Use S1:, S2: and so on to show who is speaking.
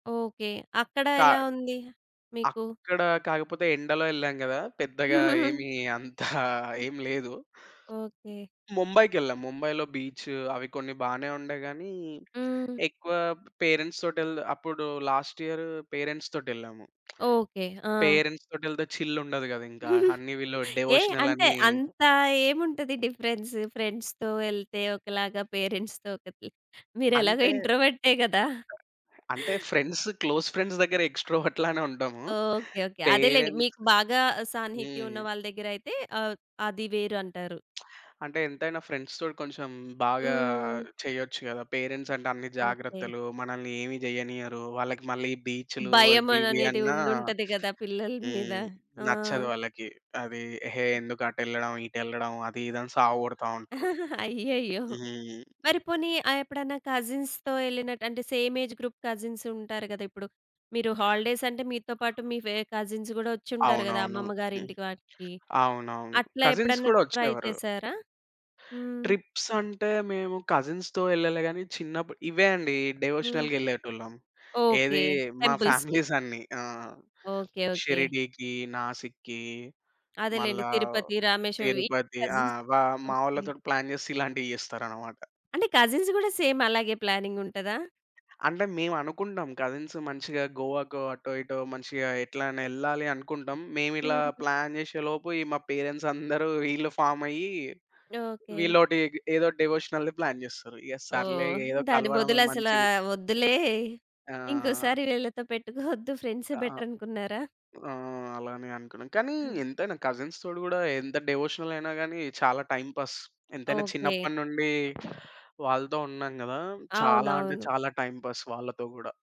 S1: Okay. అక్కడ
S2: కా
S1: ఎలా ఉంది మీకు?
S2: అక్కడ కాకపోతే ఎండలో యెళ్ళాం గదా పెద్దగా ఏమి అంత ఏమి లేదు.
S1: ఓకే.
S2: ముంబైకెళ్ళాం. ముంబై‌లో బీచ్ అవి కొన్ని బానే ఉండే గాని,
S1: హ్మ్.
S2: ఎక్కువ పేరెంట్స్ తోటెల్ద అప్పుడు లాస్ట్ ఇయర్ పేరెంట్స్‌తోటెళ్ళాము.
S1: ఓకే. ఆ!
S2: పేరెంట్స్ తోటెళ్తే చిల్ ఉండదు గదా ఇంకా! అన్ని వీళ్ళు
S1: ఏ? అంటే
S2: డివోషనలని.
S1: అంత ఏముంటది డిఫరెన్స్? ఫ్రెండ్స్‌తో యెళ్తే ఒకలాగా, పేరెంట్స్‌తో ఒకటి. మీరెలాగో
S2: అంటే
S1: ఇంట్రోవర్టే గదా!
S2: అంటే ఫ్రెండ్స్ క్లోజ్ ఫ్రెండ్స్ దెగ్గర ఎక్స్‌ట్రోవర్ట్‌లానే ఉంటాము.
S1: ఓకే. ఓకే. అదేలెండి
S2: పేరెంట్స్
S1: మీకు బాగా సాన్నిహిత్యం
S2: హ్మ్.
S1: ఉన్న వాళ్ళ దెగ్గరయితే ఆహ్, అది వేరు అంటారు.
S2: అంటే ఎంతైనా ఫ్రెండ్స్‌తోటి కొంచెం బాగా
S1: హ్మ్.
S2: చెయ్యొచ్చు గదా. పేరెంట్స్ అంటే అన్ని
S1: ఓకే.
S2: జాగ్రత్తలు మనల్నేమి జెయ్యనియ్యరు. వాళ్ళకి మళ్ళీ బీచ్‌లు
S1: భయం
S2: అవి ఇవి
S1: అననేది
S2: అన్నా
S1: ఉండుంటది గదా పిల్లల మీద.
S2: హ్మ్,
S1: ఆ!
S2: నచ్చదు వాళ్ళకి. అది "హే! ఎందుకు అటెళ్ళడం ఇటెళ్ళడం" అది ఇది అని సావగొడతా ఉంటరు.
S1: అయ్యయ్యో!
S2: హ్మ్.
S1: మరి పోనీ ఆ ఎప్పుడన్నా కజిన్స్‌తో యెళ్ళినట్టు అంటే సేమ్ ఏజ్ గ్రూప్ కజిన్స్ ఉంటారు గదా ఇప్పుడు. మీరు హాలిడేస్ అంటే మీతో పాటు మీ వేరె కజిన్స్ గూడా వోచ్చుంటారు గదా
S2: అవునవును.
S1: అమ్మమ్మ
S2: హ్మ్.
S1: గారింటికి వాటికి.
S2: అవునవును.
S1: అట్లా
S2: కజిన్స్
S1: ఎప్పుడన్నా
S2: కూడా
S1: ట్రై
S2: వచ్చేవారు.
S1: చేసారా? హ్మ్.
S2: ట్రిప్స్ అంటే మేము కజిన్స్‌తో యెళ్ళలే గాని చిన్నప్పుడు ఇవే అండి
S1: హ్మ్.
S2: డివోషనల్‌గా యెళ్ళేటోళ్ళం.
S1: ఓకే.
S2: ఏదీ మా
S1: టెంపుల్స్‌కి.
S2: ఫ్యామిలీసన్నీ. ఆ!
S1: ఓకే. ఓకే.
S2: షిరిడీకి, నాసిక్‌కి,
S1: అదేలెండి
S2: మళ్ళా
S1: తిరుపతి, రామేశ్వరం ఈ
S2: తిరుపతి. ఆ!
S1: కజిన్స్
S2: వా మా
S1: ఓకే.
S2: వాళ్ళతోటి ప్లాన్ జేస్తే ఇలాంటియి జెస్తారన్నమాట.
S1: అంటే కజిన్స్ గూడా సేమ్ అలాగే ప్లానింగ్ ఉంటదా?
S2: అంటే మేమనుకుంటాం కజిన్స్ మంచిగా గోవా‌కో అటో ఇటో మంచిగా ఎట్లైనా యెళ్ళాలి అనుకుంటాం. మేమిలా
S1: హ్మ్.
S2: ప్లాన్ జేసే‌లోపు ఈ మా పేరెంట్సందరూ ఈళ్ళు ఫార్మయ్యి
S1: ఓకే.
S2: వీళ్లొటి ఏదో డివోషనల్‌ది ప్లాన్ జేస్తారు. ఇగ సర్లే ఇగ
S1: ఓహ్!
S2: ఏదో
S1: దాని
S2: కలవడమే
S1: బదులు అసల
S2: మంచిది.
S1: వద్దులే
S2: ఆ!
S1: ఇంకోసారి వీళ్ళతో పెట్టుకోవద్దు ఫ్రెండ్సే
S2: ఆ!
S1: బెటర్ అనుకున్నారా?
S2: ఆ! అలానే అనుకున్నాం. కానీ
S1: హ్మ్.
S2: ఎంతైనా కజిన్స్‌తోటి గూడా ఎంత డివోషనలయినా గాని చాలా టైమ్ పాస్. ఎంతైనా
S1: ఓకే.
S2: చిన్నప్పటి నుండి వాళ్ళతో ఉన్నాం గదా చాలా అంటే
S1: అవునవును.
S2: చాలా టైమ్ పాస్ వాళ్ళతో గూడా.